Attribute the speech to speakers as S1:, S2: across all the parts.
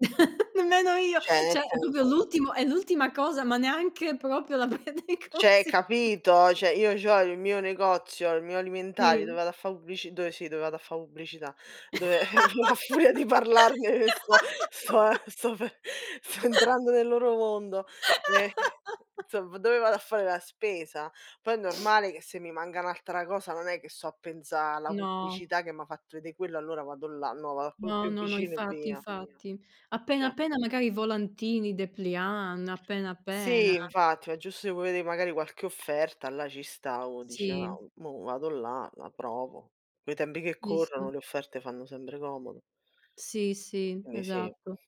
S1: Nemmeno io!
S2: Cioè nel
S1: Cioè è proprio
S2: senso
S1: l'ultimo è l'ultima cosa, ma neanche proprio la prendo in
S2: Cioè
S1: consi
S2: capito? Cioè io c'ho il mio negozio, il mio alimentari dove
S1: Sì.
S2: vado a fa' pubblici dove sì, dove vado a fa' pubblicità dove a fu a furia di parlarne sto sto ehm, sto pe sto entrando nel loro mondo. Ehm, insomma dove vado a fare la spesa. Poi è normale che se mi manca un'altra cosa non è che sto a pensa' alla
S1: No.
S2: pubblicità che m'ha fatto vedè quello, allora vado là, no vado a quello
S1: No,
S2: più
S1: no, no,
S2: vicino e
S1: infatti,
S2: via.
S1: infatti. Appena,
S2: Cioè
S1: appena magari volantini, depliant, appena, appena.
S2: Sì, infatti, è giusto che vuoi vedè magari qualche offerta, là ci stavo, dice:
S1: Sì.
S2: "No, mo vado là, la provo." Coi tempi che
S1: Sì,
S2: corrono,
S1: sì.
S2: le offerte fanno sempre comodo.
S1: Sì, sì,
S2: Quindi sì.
S1: esatto.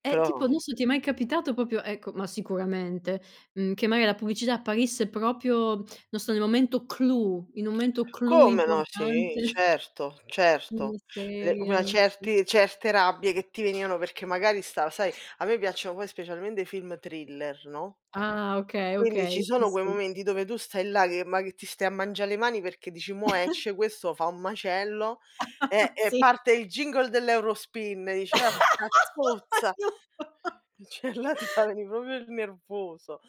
S1: Eh
S2: Però
S1: tipo, non so, ti è mai capitato proprio - ecco ma sicuramente- mhmm, che magari la pubblicità apparisse proprio, non so, nel momento clou, in un momento clou
S2: Come no, sì,
S1: importante
S2: certo,
S1: di
S2: certo.
S1: una
S2: Le ma
S1: serie, sì.
S2: certi certe rabbie che ti venivano perché magari stava sai a me piacciono poi specialmente film thriller, no,
S1: Ah, okay,
S2: quindi
S1: okay,
S2: ci
S1: sì,
S2: sono quei
S1: sì.
S2: momenti dove tu stai là che ma ti stai a mangia' le mani perché dici: "Mo' esce, questo fa un macello", eh, e
S1: Sì.
S2: parte il jingle dell'Eurospin, e dice: "Orca zozza!"
S1: [unintelligible]
S2: Cioè là ti fa venì proprio il nervoso.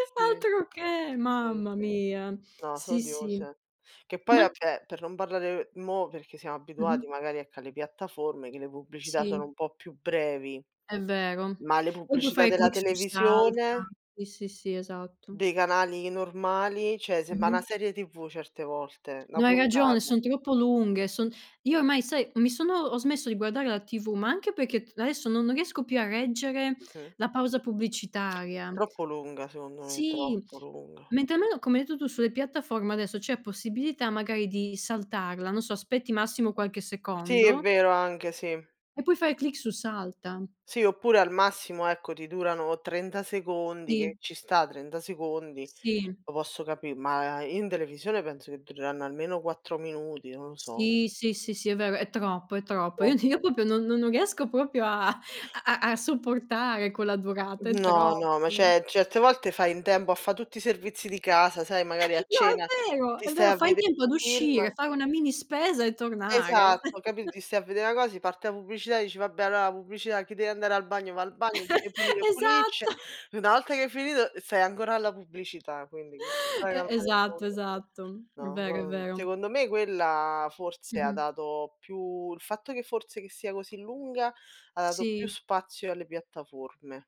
S2: Sì,
S1: Altroché,
S2: sì,
S1: mamma
S2: sì.
S1: mia.
S2: No, so'
S1: Sì, sì.
S2: odiose. Che poi
S1: Ma c
S2: vabbè, per non parlare mo, perché siamo abituati
S1: Mh-mh.
S2: magari ecco alle piattaforme, che le pubblicità sono
S1: Sì.
S2: un po' più brevi,
S1: È vero.
S2: ma le
S1: Poi tu
S2: pubblicità
S1: fai
S2: della
S1: clic su "salta".
S2: televisione?
S1: Sì, sì, sì, esatto.
S2: Dei canali normali, cioè sembra
S1: Mh-mh.
S2: na serie TV certe volte, na
S1: No, hai ragione,
S2: puntata.
S1: son troppo lunghe, son io ormai, sai, mi sono ho smesso di guardare la TV, ma anche perché t adesso non riesco più a reggere
S2: Mh-mh.
S1: la pausa
S2: È
S1: pubblicitaria.
S2: troppo lunga secondo me,
S1: Sì.
S2: troppo lunga.
S1: Mentre almeno, come hai detto tu sulle piattaforme adesso, c'è possibilità magari di saltarla, non so, aspetti massimo qualche
S2: Sì, è
S1: secondo
S2: vero anche, sì.
S1: e puoi fare clic su "salta".
S2: Sì, oppure al massimo ecco ti durano 30 secondi, che
S1: Sì.
S2: ci sta 30 secondi,
S1: Sì.
S2: lo posso capi; ma, uhm, in televisione penso che dureranno almeno 4 minuti, non lo so.
S1: Sì, sì, sì, sì è vero, è troppo, è
S2: È
S1: troppo. Io ti o
S2: troppo.
S1: proprio non non non riesco proprio a a a sopportare quella durata, è
S2: No,
S1: troppo.
S2: no, ma cioè, certe volte fai in tempo a fa' tutti i servizi di casa, sai, magari a
S1: No,
S2: cena
S1: è vero!
S2: ti
S1: È
S2: stai
S1: vero,
S2: a
S1: fai in
S2: vedè
S1: tempo ad
S2: un film
S1: uscire, fare una mini spesa e tornare.
S2: Esatto, capi ti stai a vede' na cos ti parte la pubblicità e dici: "Vabbè allora la pubblicità, chi deve andare al bagno, va al bagno, chi deve pulire pulisce",
S1: Esatto.
S2: una volta che hai finito stai ancora alla pubblicità, quindi con tutta la
S1: E
S2: calma del
S1: esatto,
S2: mondo.
S1: esatto. È
S2: No,
S1: vero, è
S2: no,
S1: vero.
S2: secondo me quella forse ha
S1: Mh-mh.
S2: dato più il fatto che forse che sia così lunga ha dato più
S1: Sì.
S2: spazio alle piattaforme.